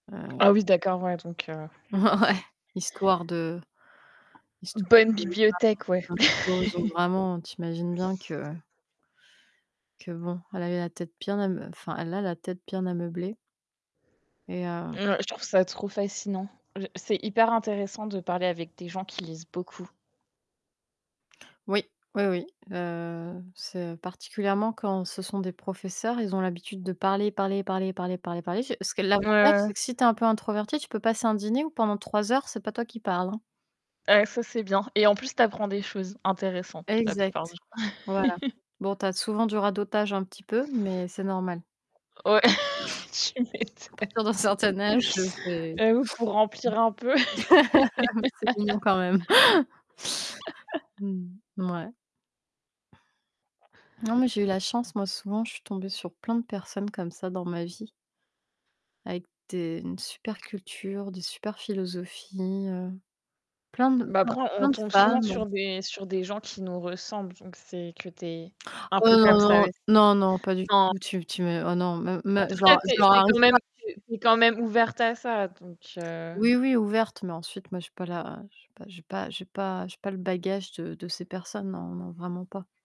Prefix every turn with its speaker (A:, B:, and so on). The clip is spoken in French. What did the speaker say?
A: Ah ouais.
B: Ah, oui d'accord. Ouais donc, heu
A: Ouais. Histoire de histoire
B: Bonne bibliothèque, ouais.
A: de l'art [unintelligible] vraiment, tu imagines bien que que bon. Elle a eu la tête bien à meu enfin, elle a la tête bien ameublée. Et heu
B: Ouais, je trouve ça trop fascinant. Je c'est hyper intéressant de parler avec des gens qui lisent beaucoup.
A: Oui. Oui oui. Heu c'est, heu, particulièrement quand ce sont des professeurs, ils ont l'habitude de parler, parler, parler, parler, parler parler. Parce que
B: Ouais,
A: l'avantage,
B: ouais.
A: c'est que si tu es un peu introverti, tu peux passer un dîner ou pendant 3 heures, c'est pas toi qui parle, hein.
B: Heu, ça, c'est bien. Et en plus, tu apprends des choses, intéressantes, la plupart
A: Exact.
B: du temps.
A: Voilà. Bon, tu as souvent du radotage un petit peu, mais c'est normal.
B: Ouais.
A: À
B: Tu m'étonnes!
A: partir d'un certain âge, heu, c'est mmh,
B: J'avoue, pour remplir un peu.
A: mais c'est mignon quand même! Mmh. Mouais. Non, mais j'ai eu la chance. Moi, souvent, je suis tombée sur plein de personnes comme ça dans ma vie. Avec des une super culture, de super philosophies, heu plein de
B: Bah,
A: plein
B: prends on
A: plein de
B: tombe souvent
A: femmes.
B: sur des sur des gens qui nous ressemblent, donc c'est que tu es un
A: Oh
B: peu
A: non,
B: comme
A: non,
B: ça
A: non! Non, non, pas du
B: [unintelligible] En
A: tout. Tu tu me oh, non, mais mais,
B: tout
A: je leur
B: cas,
A: arr
B: tu
A: je
B: es
A: leur
B: tu es
A: arrive pas à la
B: quand
A: [unintelligible]
B: même tu es quand même ouverte à ça, donc heu
A: Oui, oui, ouverte, mais ensuite, moi, j'ai pas la j'ai pas j'ai pas j'ai pas j'ai pas le bagage de de ces personnes. Non, non, vraiment pas.